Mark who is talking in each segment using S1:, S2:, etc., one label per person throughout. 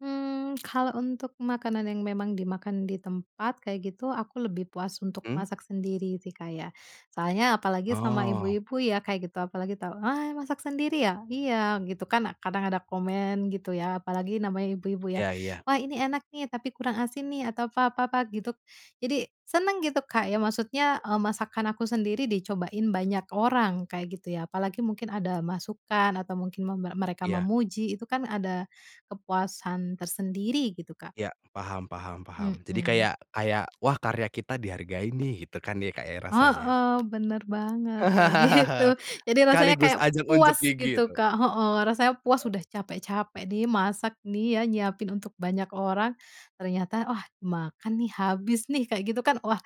S1: Mmm, kalau untuk makanan yang memang dimakan di tempat, kayak gitu, aku lebih puas untuk
S2: Hmm.
S1: masak sendiri sih Kak ya. Soalnya apalagi sama
S2: Oh.
S1: ibu-ibu ya kayak gitu, apalagi tau, "Ah masak sendiri ya?" "Iya," gitu kan, kadang ada komen gitu ya, apalagi namanya ibu-ibu ya,
S2: Iya iya.
S1: "Wah ini enak nih, tapi kurang asin nih," atau apa apa apa gitu. Jadi, senang gitu Kak ya, maksudnya, eee, masakan aku sendiri dicobain banyak orang, kayak gitu ya. Apalagi mungkin ada masukan atau mungkin mem mereka
S2: Iya.
S1: memuji, itu kan ada kepuasan tersendiri gitu Kak.
S2: Iya, paham paham paham, jadi
S1: Mhm.
S2: kayak kayak, "Wah karya kita dihargai nih." Gitu kan ya Kak rasanya.
S1: Heeh, benar banget, kayak gitu. Jadi rasanya
S2: Sekaligus
S1: kayak
S2: ajang unjuk
S1: puas
S2: gigi
S1: gitu
S2: itu.
S1: Kak, heeh. Rasanya puas
S2: Eee.
S1: udah capek-capek nih, masak nih ya, nyiapin untuk banyak orang, ternyata, wah, makan nih, habis nih, kayak gitu kan, wah,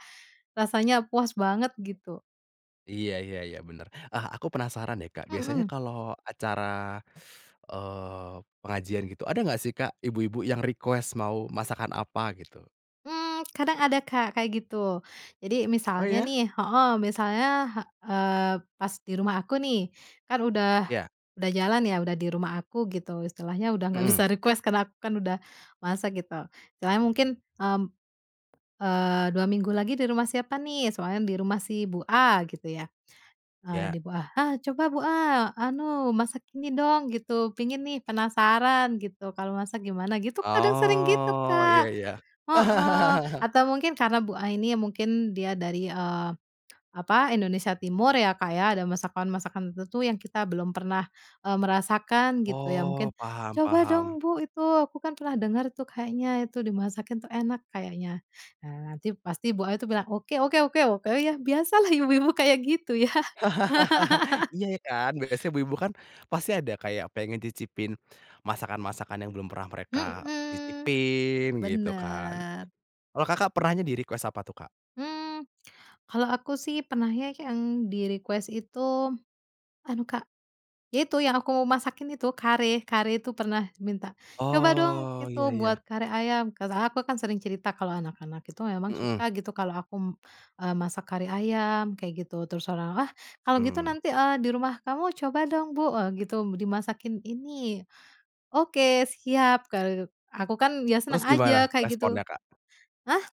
S1: rasanya puas banget gitu.
S2: Iya iya iya, benar. Ah, aku penasaran deh Kak, biasanya
S1: Mhm.
S2: kalau acara, eee, pengajian gitu, ada nggak sih Kak, ibu-ibu yang request mau masakan apa gitu?
S1: Mmm, kadang ada Kak, kayak gitu. Jadi
S2: Oh
S1: misalnya
S2: iya?
S1: nih heeh, misalnya, eee, pas di rumah aku nih, kan udah
S2: Ya.
S1: udah jalan ya, udah di rumah aku gitu istilahnya, udah nggak
S2: Mhm.
S1: bisa request karena aku kan udah, masak gitu. Istilahnya mungkin, mmm, eee, 2 minggu lagi di rumah siapa nih? Soalnya di rumah si bu A, gitu ya. Ah
S2: Ya.
S1: di bu A, "Ah coba bu A, anu masak ini dong, gitu. Pengen nih, penasaran gitu, kalau masak gimana gitu," kadang sering gitu
S2: Oh, iya
S1: Kak
S2: iya.
S1: heeh, atau mungkin karena bu A ini mungkin dia dari, eee, apa, Indonesia timur ya Kak ya. Ada masakan-masakan tertentu yang kita belum pernah, eee, merasakan gitu ya,
S2: Oh,
S1: mungkin
S2: paham
S1: "Coba dong
S2: paham.
S1: bu itu aku kan pernah dengar tuh kayaknya itu, dimasakin tuh enak kayaknya." Nah nanti pasti bu A itu bilang, "Oke oke oke oke," ya biasalah ibu-ibu kayak gitu ya.
S2: Iya ya kan, biasanya ibu-ibu kan, pasti ada kayak pengen cicipin, masakan-masakan yang belum pernah mereka,
S1: Mhm,
S2: cicipin, gitu kan.
S1: benar.
S2: Kalau Kakak pernahnya di request apa tuh Kak?
S1: Hmm, kalau aku sih pernahnya yang di request itu, anu Kak, ya itu yang aku masakin itu, Kare. Kare itu pernah minta, "Coba dong
S2: Oh,
S1: itu,
S2: iya
S1: buat
S2: iya.
S1: kare ayam," kata aku kan sering cerita kan, kalau anak-anak itu memang suka
S2: Mhm.
S1: gitu, kalau aku, mmm, masak kare ayam, kayak gitu. Terus orang, "Wah kalau gitu
S2: Mmm.
S1: nanti, eee, di rumah kamu coba dong Bu," e gitu, "dimasakin ini", "Oke, siap," kaluk aku kan ya senang
S2: Terus
S1: aja,
S2: gimana,
S1: kayak gitu.
S2: responnya Kak?
S1: Hah?